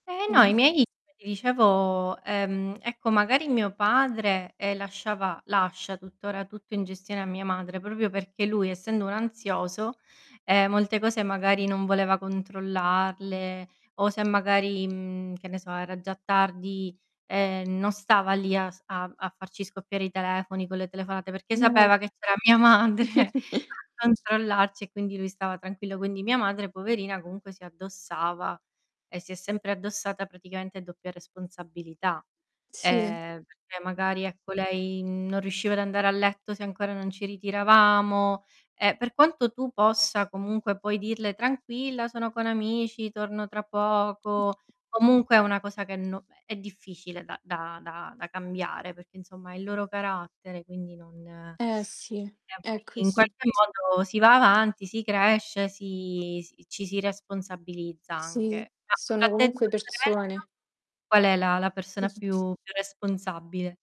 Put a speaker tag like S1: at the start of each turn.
S1: Eh no, i
S2: [unintelligible]
S1: miei come ti dicevo, ehm, ecco magari mio padre, ehm, lasciava lascia tuttora tutto in gestione a mia madre, proprio perché lui, essendo un ansioso, ehm, molte cose magari non voleva controllarle o se magari, mhmm, che ne so era già tardi, ehm, non stava lì a s a a farci scoppiare i telefoni con le telefonate, perché
S2: Non è
S1: sapeva che c'era mia madre a controllarci, e quindi lui stava tranquillo, quindi mia madre poverina comunque si addossava, e si è sempre addossata praticamente doppia responsabilità.
S2: Sì.
S1: Ehm, perché magari ecco lei non riusciva ad andare a letto se ancora non ci ritiravamo, e per quanto tu possa comunque poi dirle: "Tranquilla, sono con amici, torno tra poco" comunque è una cosa che no è è difficile da da da cambiare, perché insomma il loro carattere, quindi non
S2: Eh sì,
S1: [unintelligible]
S2: è
S1: in
S2: così.
S1: qualche modo si va avanti, si cresce, si si ci si responsabilizza
S2: Sì,
S1: anche. [unintelligible]
S2: sono
S1: tra te e
S2: comunque
S1: tua sorella,
S2: persone.
S1: qual è la la persona più più responsabile?